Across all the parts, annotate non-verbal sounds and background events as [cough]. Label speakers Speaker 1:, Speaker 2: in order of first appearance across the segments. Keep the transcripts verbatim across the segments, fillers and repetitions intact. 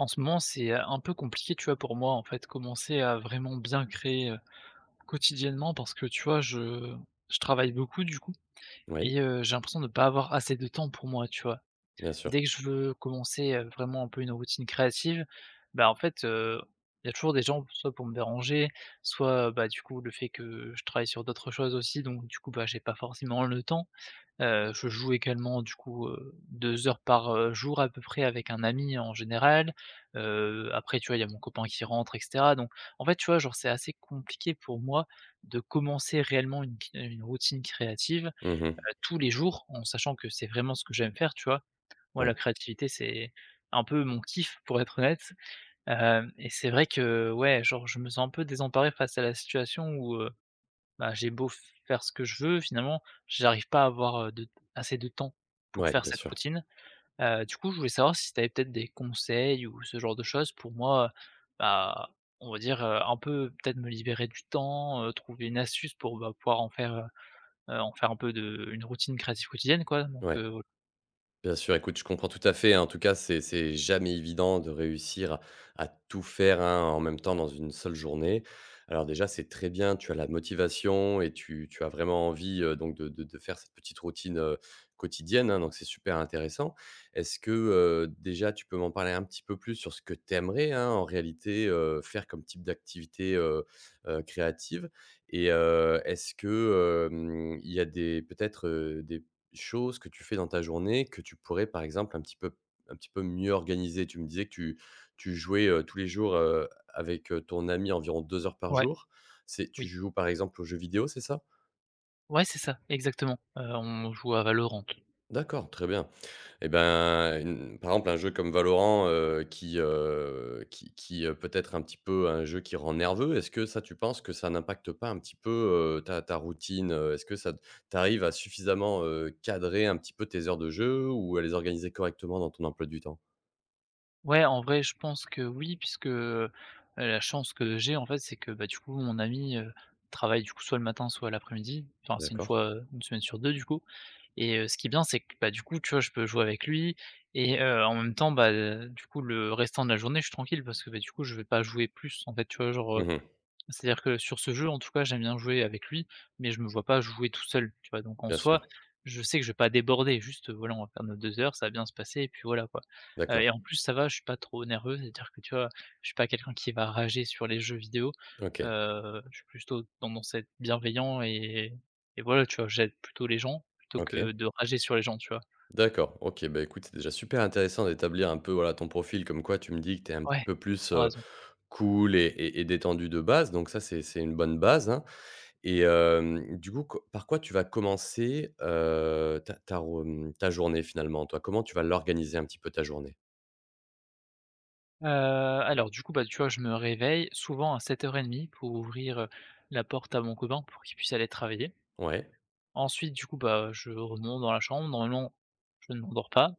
Speaker 1: En ce moment c'est, heu, un peu compliqué, tu vois? Pour moi, en fait, commencer à vraiment bien créer, heu, quotidiennement parce que, tu vois? Je je travaille beaucoup, du coup
Speaker 2: Ouais.
Speaker 1: et heu, j'ai l'impression de pas avoir assez de temps pour moi, tu vois?
Speaker 2: Bien sûr.
Speaker 1: Dès que je veux commencer, heu, vraiment un peu une routine créative, bah, en fait, heu, il y a toujours des gens soit pour me déranger, soit, bah, du coup le fait que je travaille sur d'autres choses aussi donc, du coup, bah, j'ai pas forcément le temps, heu, je joue également du coup, heu, deux heures par, heu, jour à peu près avec un ami en général. Heu, après, tu vois? Il y a mon copain qui rentre et cetera donc en fait, tu vois? Genre, c'est assez compliqué pour moi de commencer réellement une qui une routine créative,
Speaker 2: Mmh mh.
Speaker 1: heu, tous les jours en sachant que c'est vraiment ce que j'aime faire, tu vois? Moi la
Speaker 2: Ouais.
Speaker 1: créativité, c'est un peu mon kiff pour être honnête, heu, et c'est vrai que ouais, genre, je me sens un peu désemparé face à la situation où, heu, bah, j'ai beau faire ce que je veux, finalement, j'arrive pas à avoir de assez de temps pour
Speaker 2: Ouais,
Speaker 1: faire
Speaker 2: bien
Speaker 1: cette
Speaker 2: sûr.
Speaker 1: routine, heu, du coup je voulais savoir si tu avais peut-être des conseils ou ce genre de chose pour moi, heu, bah, on va dire, heu, un peu peut-être me libérer du temps, heu, trouver une astuce pour, bah, pouvoir en faire, heu, en faire un peu de une routine créative quotidienne, quoi, donc
Speaker 2: Ouais.
Speaker 1: heu
Speaker 2: Bien sûr, écoute, je comprends tout à fait, hein. En tout cas, c'est c'est jamais évident de réussir à à tout faire, hein, en même temps dans une seule journée. Alors déjà, c'est très bien, tu as la motivation et tu tu as vraiment envie, heu, donc de de de faire cette petite routine, heu, quotidienne, hein, donc c'est super intéressant. Est-ce que, heu, déjà tu peux m'en parler un petit peu plus sur ce que tu aimerais, hein, en réalité, heu, faire comme type d'activité, heu, heu, créative? Et heu, est-ce que, hem, il y a des peut-être, heu, des choses que tu fais dans ta journée que tu pourrais par exemple un petit peu un petit peu mieux organiser? Tu me disais que tu tu jouais, heu, tous les jours, heu, avec, heu, ton ami environ deux heures par
Speaker 1: Ouais,
Speaker 2: jour. C'est tu
Speaker 1: oui.
Speaker 2: joues par exemple aux jeux vidéo, c'est ça?
Speaker 1: Ouais, c'est ça. Exactement, heu, on joue à Valorant.
Speaker 2: D'accord, très bien et ben, par exemple un jeu comme Valorant heu, qui heu, qui qui, heu, peut-être un petit peu un jeu qui rend nerveux. Est-ce que ça tu penses que ça n'impacte pas un petit peu, heu, ta ta routine? Heu, est-ce que ça t'arrives à suffisamment, heu, cadrer un petit peu tes heures de jeux ou à les organiser correctement dans ton emploi du temps?
Speaker 1: Ouais en vrai je pense que oui puisque, heu heu la chance que j'ai en fait c'est que, bah, du coup mon ami, heu, travaille du coup soit le matin, soit l'après-midi. Enfin c'est une
Speaker 2: D'accord.
Speaker 1: fois, heu, une semaine sur deux du coup. Et, heu, ce qui est bien c'est que, bah, du coup tu vois? Je peux jouer avec lui, et heu, en même temps, bah, du coup le restant de la journée je suis tranquille parce que, bah, du coup je vais pas jouer plus en fait tu vois? Genre, heu
Speaker 2: Mmh mh.
Speaker 1: c'est-à-dire que sur ce jeu en tout cas j'aime bien jouer avec lui, mais je me vois pas jouer tout seul tu vois? Donc en
Speaker 2: Bien
Speaker 1: soi,
Speaker 2: sûr.
Speaker 1: je sais que je vais pas déborder. Juste voilà on va faire nos deux heures ça va bien se passer et puis voilà quoi, heu,
Speaker 2: D'accord.
Speaker 1: et en plus ça va je suis pas trop nerveux. C'est-à-dire que tu vois? Je suis pas quelqu'un qui va rager sur les jeux vidéos,
Speaker 2: OK.
Speaker 1: heu, je suis plutôt tendance a être bienveillant et et voilà tu vois? J'aide plutôt les gens, plutôt
Speaker 2: OK.
Speaker 1: que de rager sur les gens tu vois?
Speaker 2: D'accord, OK, bah, écoute, c'est déjà super intéressant d'établir un peu voilà ton profil comme quoi tu me dis que tu es un petit
Speaker 1: Ouais,
Speaker 2: peu plus
Speaker 1: tu as
Speaker 2: heu,
Speaker 1: raison.
Speaker 2: cool, et et, et détendu de base donc ça c'est c'est une bonne base hein et heu du coup co par quoi tu vas commencer, heu, ta ta ta rou ta journée finalement toi? Comment tu vas l'organiser un petit peu ta journée?
Speaker 1: Heu, alors du coup, bah, tu vois? Je me réveille souvent à sept heures et demie pour ouvrir, heu, la porte à mon copain pour qu'il puisse aller travailler.
Speaker 2: Ouais.
Speaker 1: Ensuite du coup, bah, je remonte dans la chambre normalement, je ne m'endors pas.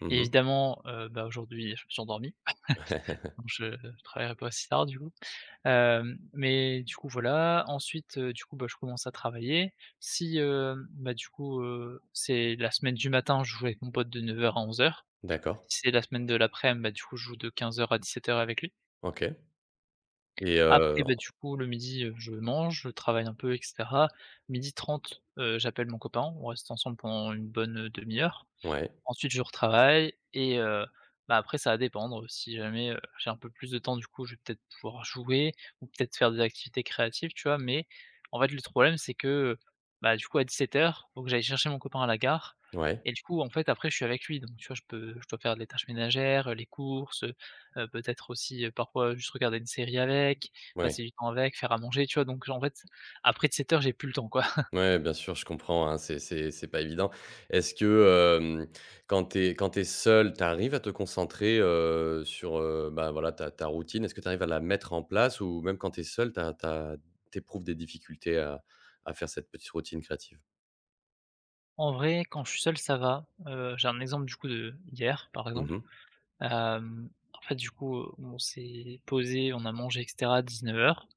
Speaker 2: Mmh mh.
Speaker 1: Évidemment, heu, bah, aujourd'hui, je me suis endormi [chuckles]
Speaker 2: [chuckles]
Speaker 1: donc je travaillerai pas aussi tard du coup. Hem, mais du coup, voilà, ensuite, heu, du coup, bah, je commence à travailler si, hem, bah, du coup, heu, c'est la semaine du matin, je joue avec mon pote de neuf heures à onze heures,
Speaker 2: D'accord.
Speaker 1: si c'est la semaine de l'aprem, bah, du coup, je joue de quinze heures à dix-sept heures avec lui.
Speaker 2: OK et
Speaker 1: Après
Speaker 2: heu,
Speaker 1: beh,
Speaker 2: on
Speaker 1: du coup, le midi, heu, je mange, je travaille un peu et cetera. midi trente, heu, j'appelle mon copain, on reste ensemble pendant une bonne demi heure.
Speaker 2: Ouais.
Speaker 1: Ensuite je retravaille et heu, bah, après ça va dépendre si jamais, heu, j'ai un peu plus de temps du coup, je vais peut-être pouvoir jouer ou peut-être faire des activités créatives, tu vois? Mais en fait, le troblème c'est que, heu, bah, du coup à dix-sept heures, faut que j'aille chercher mon copain à la gare
Speaker 2: Ouais.
Speaker 1: et du coup, en fait, après, je suis avec lui donc tu vois? Je peux je dois faire les tâches ménagères, heu, les courses, heu, heu, peut-être aussi parfois juste regarder une série avec,
Speaker 2: Ouais.
Speaker 1: passer du temps avec, faire à manger, tu vois? Donc j en fait, après dix-sept heures j'ai plus le temps, quoi. [chuckles]
Speaker 2: Ouais, bien sûr, je comprends, hein, c'est c'est c'est pas évident. Est-ce que, hem, quand tu es quand tu es seul, tu arrives à te concentrer, heu, sur, heu, ben, voilà ta ta routine? Est-ce que tu arrives à la mettre en place ou même quand tu es seul, tu as tu as tu éprouves des difficultés à à faire cette petite routine créative?
Speaker 1: En vrai, quand je suis seul ça va, heu, j'ai un exemple du coup de d'hier par
Speaker 2: Mmh
Speaker 1: exemple.
Speaker 2: mh.
Speaker 1: Hem, en fait du coup, heu, on s'est posé, on a mangé et cetera à dix-neuf heures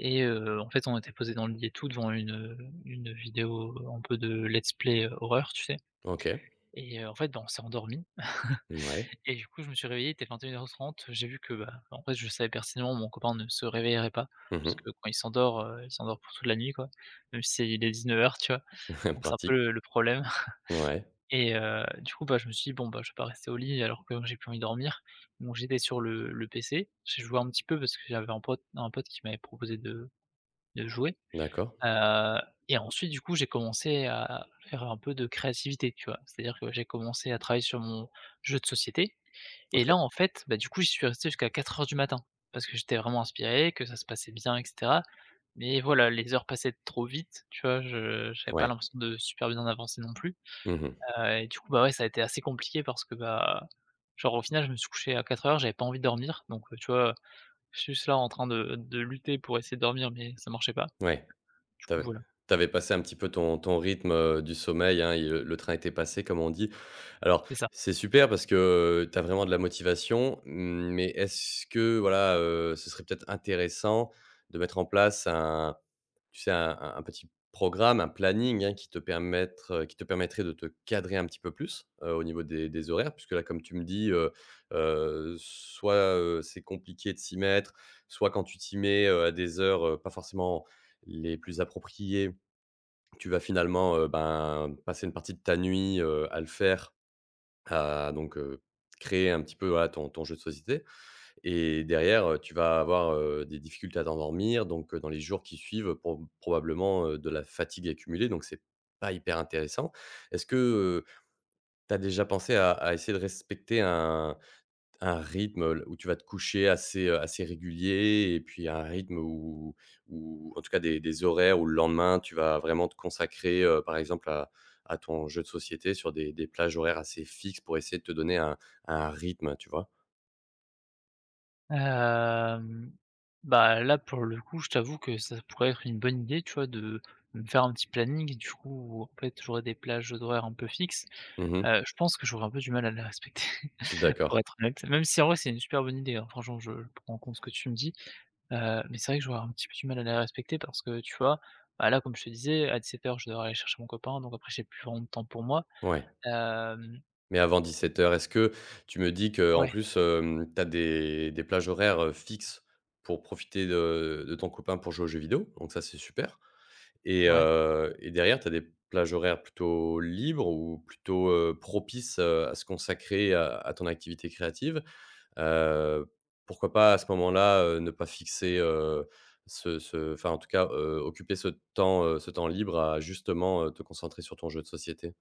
Speaker 1: et heu, en fait on était posé dans le lit et tout, devant une, heu, une vidéo un peu de let's play heu, horreur tu sais?
Speaker 2: OK.
Speaker 1: Et heu, en fait ben, on s'est endormi. [chuckles]
Speaker 2: Mouais.
Speaker 1: Et du coup je me suis réveillé il était vingt-et-une heure trente j'ai vu que, ben en fait je savais pertinemment mon copain ne se réveillerait pas,
Speaker 2: Mmh
Speaker 1: parce
Speaker 2: mh.
Speaker 1: que quand il s'endort, heu, il s'endort pour toute la nuit quoi, même s'il est dix-neuf heures tu vois?
Speaker 2: [chuckles]
Speaker 1: Donc c'est un peu
Speaker 2: Pratique.
Speaker 1: le le problème [chuckles]
Speaker 2: Ouais.
Speaker 1: et heu, du coup, bah, je me suis dit: «Bon, bah, je vais pas rester au lit alors que j'ai plus envie de dormir» donc j'étais sur le le PC. J'ai joué un petit peu parce que j'avais un pote un pote qui m'avait proposé de de jouer
Speaker 2: D'accord.
Speaker 1: ,heu, et ensuite du coup j'ai commencé à à faire un peu de créativité, tu vois? C'est-à-dire que j'ai commencé à travailler sur mon jeu de société, et
Speaker 2: OK.
Speaker 1: là en fait, bah, du coup j'y suis resté jusqu'à quatre heures du matin, parce que j'étais vraiment inspiré, que ça se passait bien et cetera. Mais voilà, les heures passaient trop vite, tu vois? Je j'avais pas
Speaker 2: Ouais.
Speaker 1: l'impression de super bien avancer non plus,
Speaker 2: Mmh mh.
Speaker 1: heu, et du coup, bah, ouais ça a été assez compliqué parce que, bah, genre au final je me suis couché à quatre heures j'avais pas envie de dormir donc heu, tu vois? Je suis juste là en train de de lutter pour essayer de dormir mais ça marchait pas.
Speaker 2: Ouais.
Speaker 1: Du
Speaker 2: Tu
Speaker 1: coup
Speaker 2: avais
Speaker 1: voilà.
Speaker 2: tu avais passé un petit peu ton ton rythme, heu, du sommeil hein et heu, «le train était passé», comme on dit. Alors,
Speaker 1: C'est ça.
Speaker 2: c'est super parce que tu as vraiment de la motivation, mais est-ce que voilà, heu, ce serait peut-être intéressant de mettre en place un tu sais? Un un un petit programme, un planning hein qui te permettre qui te permettrait de te cadrer un petit peu plus, heu, au niveau des des horaires? Puisque là comme tu me dis, heu heu, soit, heu, c'est compliqué de s'y mettre, soit quand tu t'y mets, heu, à des heures, heu, pas forcément les plus appropriées, tu vas finalement, heu, ben passer une partie de ta nuit, heu, à le faire, a donc heu, créer un petit peu voilà ton ton jeu de société et derrière, heu, tu vas avoir, heu, des difficultés à t'endormir donc heu, dans les jours qui suivent prob probablement, heu, de la fatigue accumulée donc c'est pas hyper intéressant. Est-ce que, heu, tu as déjà pensé à à essayer de respecter un un rythme, heu, le où tu vas te coucher assez, heu, assez régulier? Et puis un rythme où où en tout cas des des horaires où le lendemain tu vas vraiment te consacrer, heu, par exemple à à ton jeu de société sur des des plages horaires assez fixes pour essayer de te donner un un rythme, tu vois?
Speaker 1: Hem, bah là, pour le coup, je t'avoue que ça pourrait être une bonne idée tu vois? De me faire un petit planning, du coup, en fait, où j'aurais des plages d'horaires un peu fixes,
Speaker 2: Mmh mh.
Speaker 1: heu, je pense que j'aurais un peu du mal à les respecter
Speaker 2: D'accord.
Speaker 1: pour être honnête, même si en vrai c'est une super bonne idée, hein, franchement je prends compte ce que tu me dis, heu, mais c'est vrai que j'aurais un petit peu du mal à les respecter parce que, tu vois? Bah là, comme je te disais, à dix-sept heures je devrais aller chercher mon copain donc après j'ai plus vraiment de temps pour moi,
Speaker 2: Ouais.
Speaker 1: hem
Speaker 2: Mais avant dix-sept heures, est-ce que tu me dis que en
Speaker 1: Ouais.
Speaker 2: plus, heu, tu as des des plages horaires, heu, fixes pour profiter de de ton copain pour jouer aux jeux vidéo donc ça, c'est super. Et
Speaker 1: Ouais.
Speaker 2: heu, et derrière, tu as des plages horaires plutôt libres ou plutôt, heu, propices, heu, à se consacrer à à ton activité créative. Heu, pourquoi pas à ce moment-là, heu, ne pas fixer, heu, ce ce enfin en tout cas, heu, occuper ce temps, heu, ce temps libre à justement, heu, te concentrer sur ton jeu de société?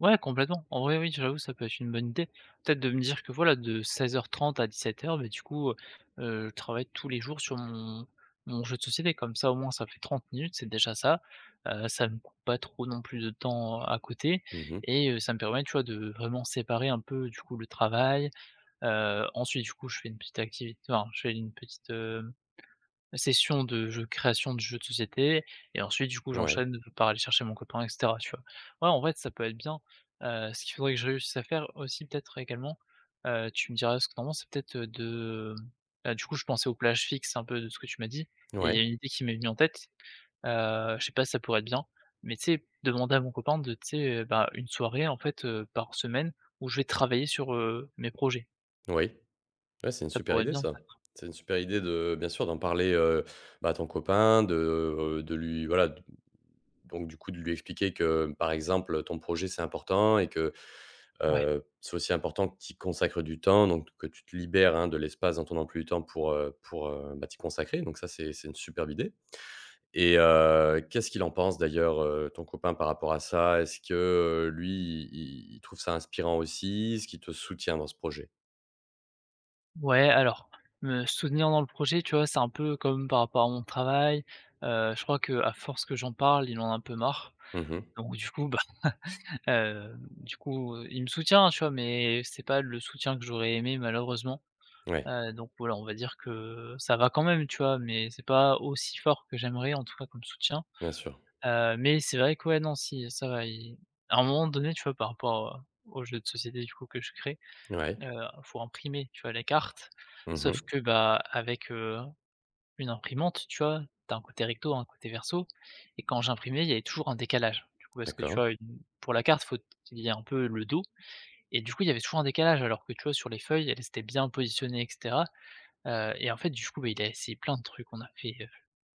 Speaker 1: Ouais, complètement, en vrai, oui, j'avoue ça peut être une bonne idée. Peut-être de me dire que voilà de seize heures trente à dix-sept heure heures, bah, du coup, heu heu, je travaille tous les jours sur mon mon jeu de société, comme ça au moins ça fait trente minutes, c'est déjà ça, heu, ça me coûte pas trop non plus de temps à côté
Speaker 2: Mmh mh.
Speaker 1: et heu, ça me permet, tu vois? De vraiment séparer un peu, du coup, le travail, heu, ensuite du coup, je fais une petite activité enfin, je fais une petite, heu, session de jeux création de jeux de société et ensuite, du coup,
Speaker 2: Ouais.
Speaker 1: j'enchaîne par aller chercher mon copain et cetera, tu vois? Ouais, en vrai ça peut être bien, heu, ce qu'il faudrait que je réussisse à faire aussi, peut-être, également, heu, tu me diras ce que tu en penses. C'est peut-être, heu, de, bah, du coup, je pensais au plage fixe un peu de ce que tu m'as dit et il y
Speaker 2: Ouais.
Speaker 1: a une idée qui m'est venue en tête, heu, je sais pas si ça pourrait être bien mais tu sais? Demander à mon copain de tu sais? Bah, une soirée en fait, heu, par semaine où je vais travailler sur, heu, mes projets.
Speaker 2: Oui. Ouais, c'est une
Speaker 1: Ça
Speaker 2: super
Speaker 1: pourrait être
Speaker 2: idée
Speaker 1: bien,
Speaker 2: ça.
Speaker 1: peut-être, hein.
Speaker 2: C'est une super idée de bien sûr d'en parler, heu, bah, à ton copain de de lui voilà donc, du coup, de lui expliquer que, par exemple, ton projet c'est important et que,
Speaker 1: Ouais.
Speaker 2: heu, c'est aussi important que tu y consacre du temps, donc que tu te libères, hein, de l'espace dans ton emploi du temps pour, heu pour, heu, bah, t'y consacrer donc, ça c'est c'est une superbe idée. Et, heu, qu'est-ce qu'il en pense d'ailleurs, heu, ton copain par rapport à ça? Est-ce que, heu, lui, il il il trouve ça inspirant aussi? Est-ce qu'il te soutient dans ce projet?
Speaker 1: Ouais, alors, me soutenir dans le projet, tu vois? C'est un peu comme par rapport à mon travail, heu, je crois qu'à force que j'en parle, il en a un peu marre,
Speaker 2: Mmh mh.
Speaker 1: donc, du coup, bah, hem, du coup, heu, il me soutient, tu vois? Mais c'est pas le soutien que j'aurais aimé, malheureusement.
Speaker 2: Ouais.
Speaker 1: Heu, donc, voilà on va dire que, heu, ça va quand même, tu vois? Mais c'est pas aussi fort que j'aimerais, en tout cas, comme soutien,
Speaker 2: Bien sûr.
Speaker 1: heu, mais c'est vrai que ouais, non, si, ça va, il à un moment donné, tu vois? Par rapport, heu, aux jeux de société, du coup, que je créé, heu,
Speaker 2: Ouais.
Speaker 1: il faut imprimer, tu vois? Les cartes,
Speaker 2: Mmh
Speaker 1: sauf
Speaker 2: mh.
Speaker 1: que, bah, avec, heu, une imprimante, tu vois? Tu as un côté recto, un côté verso et quand j'imprimais, il y avait toujours un décalage, du coup, parce que, tu
Speaker 2: D'accord.
Speaker 1: vois? Mmh, pour la carte il faut il y a un peu le dos et, du coup, il y avait souvent un décalage alors que, tu vois? Sur les feuilles, elles étaient bien positionnées et cetera. Heu et en fait, du coup, bah, il a essayé plein de trucs. On a fait, heu,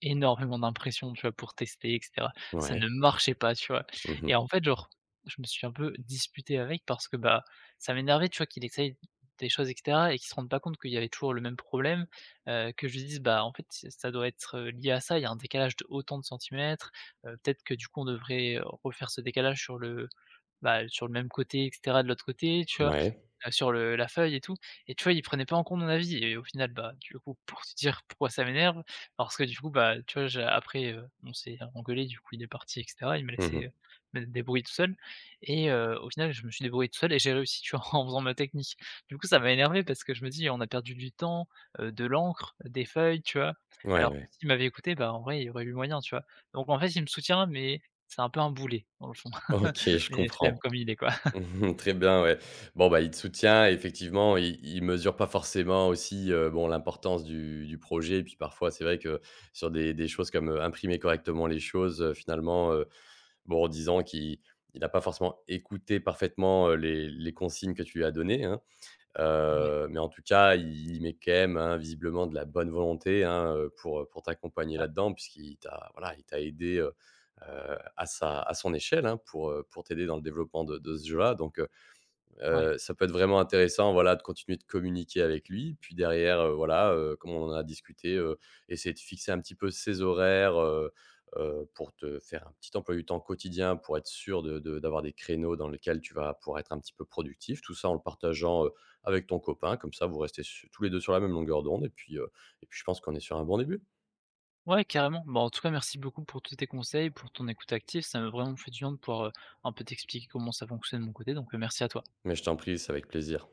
Speaker 1: énormément d'impression, tu vois? Pour tester et cetera. Ça
Speaker 2: Ouais.
Speaker 1: ne marchait pas, tu vois?
Speaker 2: Mmh mh.
Speaker 1: Et en fait, genre, je me suis un peu disputé avec, parce que, bah, ça m'énervait, tu vois? Qu'il essaye d des choses et cetera et qu'ils se rendent pas compte qu'il y avait toujours le même problème, heu, que je lui dise: «Bah, en fait c'est ça doit être, heu, lié à ça, il y a un décalage d'autant de centimètres. Heu, peut-être que, du coup, on devrait refaire ce décalage sur l-e bah, sur le même côté et cetera, de l'autre côté, tu vois?
Speaker 2: Ouais.
Speaker 1: Heu, sur, heu, la feuille et tout», et tu vois? Il prenait pas en compte mon avis. Et au final, bah, du coup, pour te dire pourquoi ça m'énerve, parce que, du coup, bah, tu vois? J'ai après, heu, on s'est, heu, engueulé, du coup, il est parti et cetera. Il m'a
Speaker 2: Mmh
Speaker 1: laissé,
Speaker 2: mh.
Speaker 1: heu, me débrouiller tout seul et heu, au final, je me suis débrouillé tout seul et j'ai réussi, tu vois? En faisant ma technique. Du coup, ça m'a énervé parce que je me dis: «On a perdu du temps, heu, de l'encre, des feuilles», tu vois?
Speaker 2: Ouais,
Speaker 1: Alors que
Speaker 2: ouais.
Speaker 1: s'il m'avait écouté, bah, en vrai, il y aurait eu moyen, tu vois? Donc, en fait, il me soutient mais, c'est un peu un boulet, dans le fond.
Speaker 2: OK,
Speaker 1: [laughs]
Speaker 2: je
Speaker 1: Mais je l'aime
Speaker 2: comprends.
Speaker 1: comme il est, quoi. [laughs]
Speaker 2: Mmh mh, très bien ouais. Bon, bah, il te soutient et effectivement, il il mesure pas forcément aussi, heu, bon, l'importance du du projet et puis, parfois, c'est vrai que, sur des des choses comme, heu, imprimer correctement les choses, heu, finalement, heu, bon, en disant qu'il il a pas forcément écouté parfaitement, heu, les les consignes que tu lui as données, hein.
Speaker 1: Ouais.
Speaker 2: Heu, mais, en tout cas, il il met quand même, hein, visiblement de la bonne volonté, hein, heu, pour, heu, pour t'accompagner
Speaker 1: Ah.
Speaker 2: là-dedans puisqu'il t'a voilà il t'a aidé, heu, heu, à sa à son échelle, hein, pour, heu, pour t'aider dans le développement de de ce jeu-là, donc, heu,
Speaker 1: Ouais.
Speaker 2: heu, ça peut être vraiment intéressant voilà de continuer de communiquer avec lui. Puis, derrière, heu, voilà, heu, comme on en a discuté, heu, essayer de fixer un petit peu ces horaires, heu, heu pour te faire un petit emploi du temps quotidien, pour être sûr de de d'avoir des créneaux dans lesquels tu vas pouvoir être un petit peu productif. Tout ça, en le partageant, heu, avec ton copain, comme ça vous restez su tous les deux, sur la même longueur d'onde et puis, heu, et puis je pense qu'on est sur un bon début.
Speaker 1: Ouais, carrément. Bah, en tout cas, merci beaucoup pour tous tes conseils, pour ton écoute active. Ça m'a vraiment fait du bien de pouvoir, heu, un peu t'expliquer comment ça fonctionne de mon côté donc, heu, merci à toi.
Speaker 2: Mais je t'en prie, c'est avec plaisir.